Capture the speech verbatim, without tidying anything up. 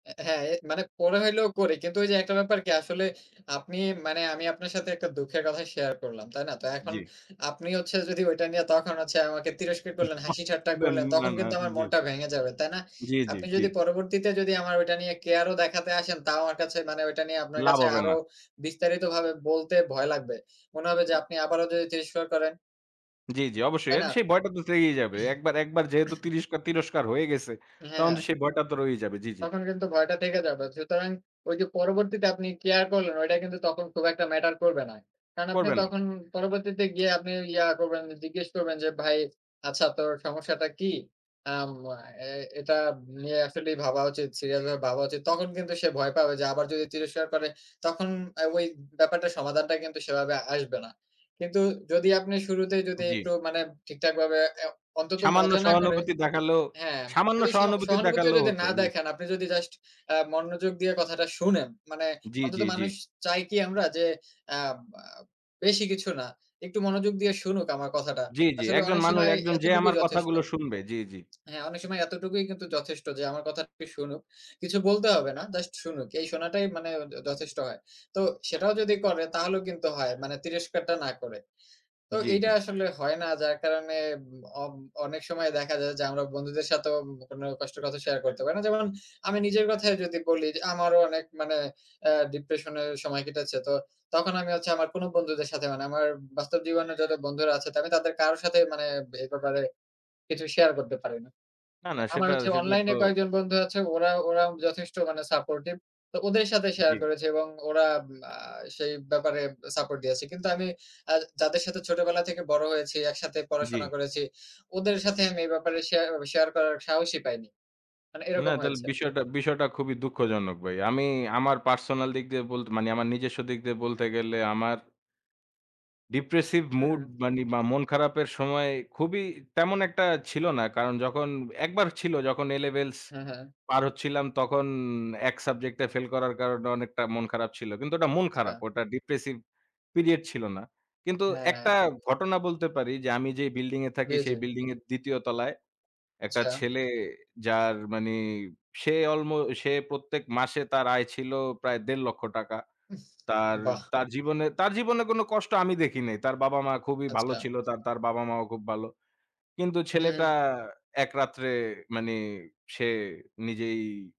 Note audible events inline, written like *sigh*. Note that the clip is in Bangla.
এ্যা হ্যাঁ, মানে ফোনে হইলেও করে। কিন্তু ঐযে, একটা ব্যাপার কি আসলে আপনি মানে আমি আপনার সাথে একটা দুঃখের কথা শেয়ার করলাম, তাই না? তা এখন জ্বী। আপনি হচ্ছে যদি ওইটা নিয়ে তখন হচ্ছে আমাকে তিরস্কার করলেন, *chuckles* হাসিঠাট্টা না, করলেন। না তখন না, কিন্তু আমার জ্বী। মনটা ভেঙে যাবে, তাই না? জ্বী, জ্বী, আপনি জ্বী। যদি পরবর্তীতে যদি আমার ওইটা নিয়ে কেয়ার ও দেখাতে আসেন। তাও আমার কাছে মানে ওইটা নিয়ে, আপনার লাভ কাছে হবে আরও না। বিস্তারিতভাবে বলতে ভয় লাগবে। মনে হবে যে আপনি আবারও যদি তিরস্কার করেন। জ্বী, জ্বী, অবশ্যই। তাই এর না? সেই ভয়টা তো থেকেই যাবে। একবার একবার যেহেতু *clears throat* তিরস্কার তিরস্কার হয়ে গেছে। তখন তো হ্যাঁ, সেই ভয়টা তো রয়েই যাবে। জ্বী, জ্বী। তখন কিন্তু ভয়টা থেকে যাবে। সুতরাং ঐ যে পরবর্তীতে আপনি কেয়ার করলেন। ওইটা কিন্তু তখন খুব একটা ম্যাটার করবে না। কারণ আপনি করবে না। তখন পরবর্তীতে গিয়ে আপনি ইয়া করবেন, জিজ্ঞেস করবেন যে, "ভাই, আচ্ছা তোর সমস্যাটা কি?" আম আ এ এটা নিয়ে আসলে ভাবা উচিত, সিরিয়াস ভাবে ভাবা উচিত। তখন কিন্তু সে ভয় পাবে। যে আবার যদি তিরস্কার করে। তখন ওই ব্যাপারটার সমাধানটা কিন্তু সেভাবে আসবে না। কিন্তু যদি আপনি শুরুতেই যদি জ্বী। একটু মানে ঠিকঠাকভাবে এ্যা অ অন্তত সামান্য মজা না করে সহানুভূতি দেখালেও হ্যাঁ, সামান্য যদি সিও স সহানুভূতি সহানুভুতিও দেখালেও যদি হতো। না জ্বী। দেখান। আপনি যদি জাস্ট এ্যা মনোযোগ দিয়ে কথাটা শোনেন। মানে জ্বী, অন্তত জ্বী, জ্বী। মানুষ চাই কি আমরা? যে, আম এ বেশি কিছু না, একটু মনোযোগ দিয়ে শুনুক আমার কথাটা। জ্বী, জ্বী। আসলে একজন অনেক মানুষ, সিমায় একজন যে এতটুকুই আমার যথেষ্ট। কথাগুলো শুনবে। জ্বী, জ্বী। হ্যাঁ, অনেক সময় এতটুকুই কিন্তু যথেষ্ট যে আমার কথাটি শুনুক। কিছু বলতে হবে না, জাস্ট শুনুক। এই শোনাটাই মানে য যথেষ্ট হয়। তো সেটাও যদি করে তাহলেও কিন্তু হয়, মানে তিরস্কারটা না করে। তো জ্বী, এইটা জ্বী। আসলে হয় না। যার কারণে অব অনেক সময় দেখা যায়, যে আমরা বন্ধুদের সাথেও কোন কষ্টর কথা শেয়ার করতে পারি না। যেমন আমি নিজের কথাই যদি বলি, যে আমারও অনেক মানে এ্যা ডিপ্রেশন এর সময় কেটেছে। তো তখন আমি হচ্ছে আমার কোন বন্ধুদের সাথে মানে আমার বাস্তব জীবনের যারা বন্ধুরা আছে। তা আমি তাদের কারো সাথে মানে এ ব্যাপারে কিছু শেয়ার করতে পারি না। না, না, আমার সেটা হচ্ছে সেটা অনলাইন তো। এ কয়েকজন বন্ধু আছে ওরা ওরা যথেষ্ট মানে সাপোর্টিভ। তো ওদের সাথে শেয়ার জ্বী। করেছি এবং ওরা আব আ সেই ব্যাপারে সাপোর্ট দিয়েছে। কিন্তু আমি আ যাদের সাথে ছোটবেলা থেকে বড় হয়েছি, একসাথে পড়াশোনা জ্বী। করেছি। ওদের সাথে আমি এ ব্যাপারে শেয়া শেয়ার করার সাহসই পাইনি। মানে না এরকম তাহলে হয়েছে। বিষয়টা বিষয়টা খুবই দুঃখজনক ভাই। আমি আমার পার্সোনাল দিক দিয়ে বলতে মানি আমার নিজস্ব দিক দিয়ে হ্যাঁ। বলতে গেলে, আমার ডিপ্রেসিভ হু, মুড হু। মানে বা মন খারাপের সময় খুবই তেমন একটা ছিল না। কারণ যখন, একবার ছিল, যখন এ লেভেলস হ্যাঁ, হ্যাঁ। পার হচ্ছিলাম। তখন এক সাবজেক্ট এ ফেল করার কারণে অনেকটা মন খারাপ ছিল। কিন্তু ওটা মন আচ্ছা। খারাপ, ওটা ডিপ্রেসিভ পিরিয়ড ছিল না। কিন্তু হ্যাঁ। একটা ঘটনা বলতে পারি, যে আমি যে বিল্ডিং এ থাকি। বুঝেছি। সেই বিল্ডিং এর দ্বিতীয় তলায় একটা আচ্ছা। ছেলে যার মানে সে অল্ম সে প্রত্যেক মাসে তার আয় ছিল প্রায় দেড় লক্ষ টাকা। উফ তার বাহ! তার জীবনে তার জীবনে কোন কষ্ট আমি দেখি নাই। তার বাবা-মা খুবই ভালো আচ্ছা। ছিল। তার তার বাবা-মাও খুব ভালো। কিন্তু হুম। ছেলেটা এক রাত্রে মানি সে নিজেই